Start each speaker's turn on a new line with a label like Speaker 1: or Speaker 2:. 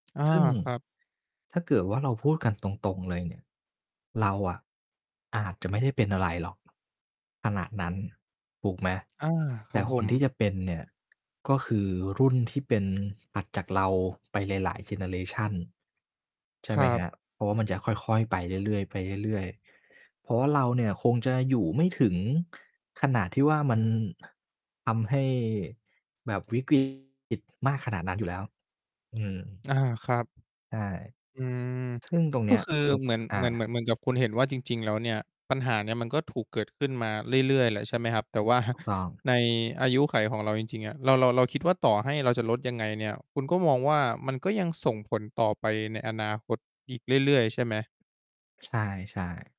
Speaker 1: อา
Speaker 2: ซึ่ง
Speaker 1: ครับ
Speaker 2: ถ้าเกิดว่าเราพูดกันตรง ๆ เลยเนี่ย เราอะอาจจะไม่ได้เป็นอะไรหรอก ขณะนั้น ถูกไหม
Speaker 1: อา ค
Speaker 2: แต
Speaker 1: รั
Speaker 2: ่
Speaker 1: บผ
Speaker 2: คนที่
Speaker 1: ม
Speaker 2: จะเป็นเนี่ย ก็คือรุ่นที่เป็น ถัดจากเราไปหลาย ๆ เจเนอเรชัน ใช
Speaker 1: ค
Speaker 2: ่ไห
Speaker 1: ร
Speaker 2: ม
Speaker 1: ั
Speaker 2: ค
Speaker 1: บ
Speaker 2: รับ เพราะว่ามันจะค่อย ๆ ไปเรื่อย ๆ ไปเรื่อย ๆ เพราะว่าเราเนี่ยคงจะอยู่ไม่ถึงขณะที่ว่ามัน ทำให้แบบ วิกฤต มากขนาดนั้นอยู่แล้ว อืม
Speaker 1: อา ครับ
Speaker 2: ใช่
Speaker 1: อืม
Speaker 2: ซึ่ง ตรง เ
Speaker 1: ก
Speaker 2: นี
Speaker 1: ็
Speaker 2: ้ย
Speaker 1: คือ
Speaker 2: อือ
Speaker 1: เหมือน
Speaker 2: อา
Speaker 1: เหมือน เหมือน เหมือนกับคุณเห็นว่าจริง ๆ แล้วเนี่ย ปัญหาเนี้ยมันก็ถูกเกิดขึ้นมาเรื่อย ๆ แหละ ใช่ไหมครับ แต่ว่า
Speaker 2: ถูก ต้อง
Speaker 1: ในอายุขัยของเราจริง ๆ อะ เรา เรา เราคิดว่าต่อให้เราจะลดยังไงเนี่ย คุณก็มองว่ามันก็ยังส่งผลต่อไปในอนาคตอีกเรื่อย ๆ ใช่ไหม?
Speaker 2: ใช่ ๆ